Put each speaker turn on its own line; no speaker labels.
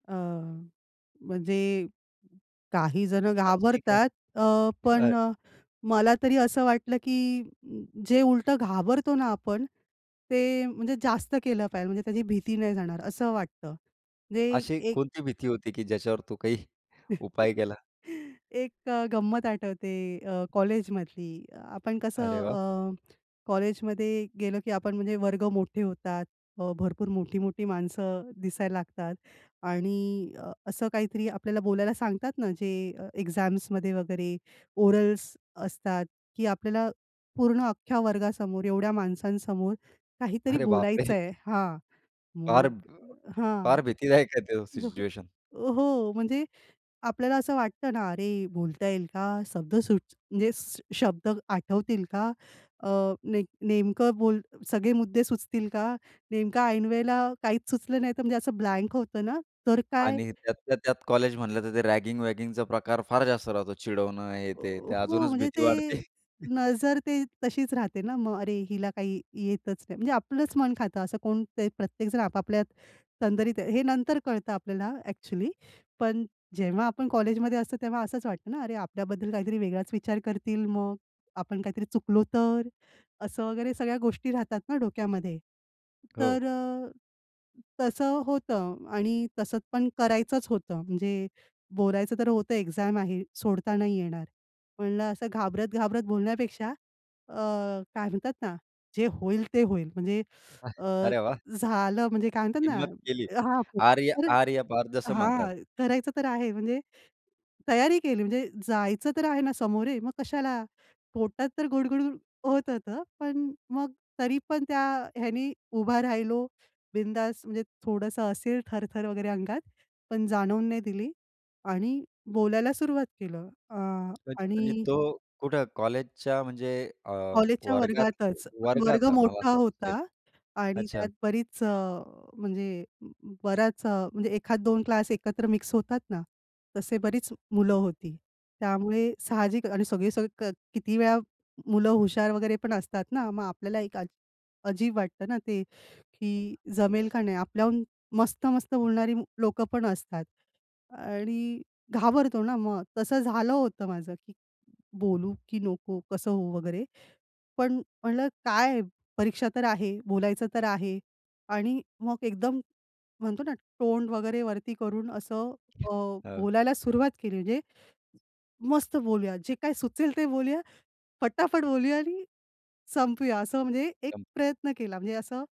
अ, म्हणजे काही जणं
अच्छा, ठीक आहे.
घाबरतात. अ,
अ
पण अ, मला तरी असं वाटलं, की जे उलटं घाबरतो ना आपण, ते म्हणजे जास्त केलं पाहिजेल म्हणजे त्याची भीती नाही जाणार असं वाटतं. म्हणजे
अशी
एक
कोणती भीती होती, की ज्याच्यावर तू काही उपाय केला?
एक अ, गंमत आठवते अ, कॉलेजमधली. आपण कसं
अरे वाह!
अ, कॉलेजमध्ये गेलो की आपण म्हणजे वर्ग मोठे होतात. अ, भरपूर मोठी-मोठी माणसं दिसायला लागतात आणि अ, असं काहीतरी आपल्याला बोलायला सांगतात ना जे अ, एक्झाम्समध्ये वगैरे ओरल्स असतात की आपल्याला पूर्ण अख्ख्या वर्गासमोर एवढ्या माणसांसमोर काहीतरी
अरे बापरे!
बोलायचंय हां,
फार
मग
[unintelligible]
हां.
फार भीतीदायक आहे तो
जसं,
सिच्युएशन.
अ, हो म्हणजे आपल्याला असं वाटतं ना, "अरे बोलता येईल का? शब्द सुच म्हणजे शब्द आठवतील का? अ, नेम नेमकं बोल सगळे मुद्दे सुचतील का? नेमकं ऐनवेळेला काहीच सुचलं नाही तर" म्हणजे असं ब्लँक होतं ना "तर काय?"
आणि त्यातल्या त्यात कॉलेज म्हणलं तर ते रॅगिंग वॅगिंगचा प्रकार फार जास्त राहतो, चिडवणं हे,
अ,
ते.
अ,
ते
हो,
अजूनच
म्हणजे
भीती वाढते.
ते नजर ते तशीच राहते ना मग, "अरे! हिला काही येतच नाही" म्हणजे आपलंच मन खातं. असं कोण ते प्रत्येकजण आपापल्यात तंद्रीत आहे. हे नंतर कळतं आपल्याला ॲक्चुअली. पण जेव्हा आपण कॉलेजमध्ये असतो तेव्हा असंच वाटतं ना. "अरे, आपल्याबद्दल काहीतरी वेगळाच विचार करतील मग? आपण काहीतरी चुकलो तर?" असं वगैरे सगळ्या गोष्टी राहतात ना डोक्यामध्ये.
हो.
तर अ, तसं होतं आणि तसंच पण करायचंच होतं. म्हणजे बोलायचं तर होतं, एक्झाम आहे, सोडता नाही येणार. म्हणलं असं घाबरत-घाबरत बोलण्यापेक्षा अ, काय म्हणतात ना? जे होईल ते होईल म्हणजे अ,
अरे वाह!
झालं म्हणजे काय म्हणतात ना?
हिंमत केली.
हां.
"आर या
खरंच
आर या पार" जसं म्हणतात.
हां. करायचं तर आहे म्हणजे तयारी केली म्हणजे जायचं तर आहे ना सामोरे, मग कशाला? पोटात तर गुडगुड होत होतं. पण मग तरी पण त्या ह्यानी उभा राहिलो, बिंदास म्हणजे थोडंसं असेल थरथर वगैरे अंगात, पण जाणवून नाही दिली आणि बोलायला सुरुवात केलं. अं,
म्हजे म्हणजे
आणि
तो कुठं कॉलेजच्या म्हणजे अ,
कॉलेजच्या
वर्गात
वर्गातच. पण वर्ग
वर्गात मला
मोठा
असं वाटतं, स्टेज.
होता आणि
अच्छा.
त्यात बरीच अ, म्हणजे बराच अ, म्हणजे एखाद 2 क्लास एकत्र मिक्स होतात ना, तसे बरीच मुलं होती. त्यामुळे साहजिकच आणि सगळे-सगळे किती वेळा मुलं हुशार वगैरेपण असतात ना. मग आपल्याला एक अज अजीब वाटतं ना ते की जमेल का नाही? आपल्याहून मस्त-मस्त बोलणारी मु लोकं पण असतात आणि घाबरतो ना मग? तसं झालं होतं माझं, की बोलू की नको? कसं होऊ? वगैरे पण म्हटलं काय परीक्षा तर आहे, बोलायचं तर आहे आणि मग एकदम म्हणतो ना तोंड वगैरे वरती करून असं अ,
हां.
बोलायला सुरुवात केली म्हणजे मस्त बोलूया, जे काय सुचेल ते बोलूया, फटाफट बोलूया आणि संपवूया, असं म्हणजे एक
सम
प्रयत्न केला. म्हणजे असं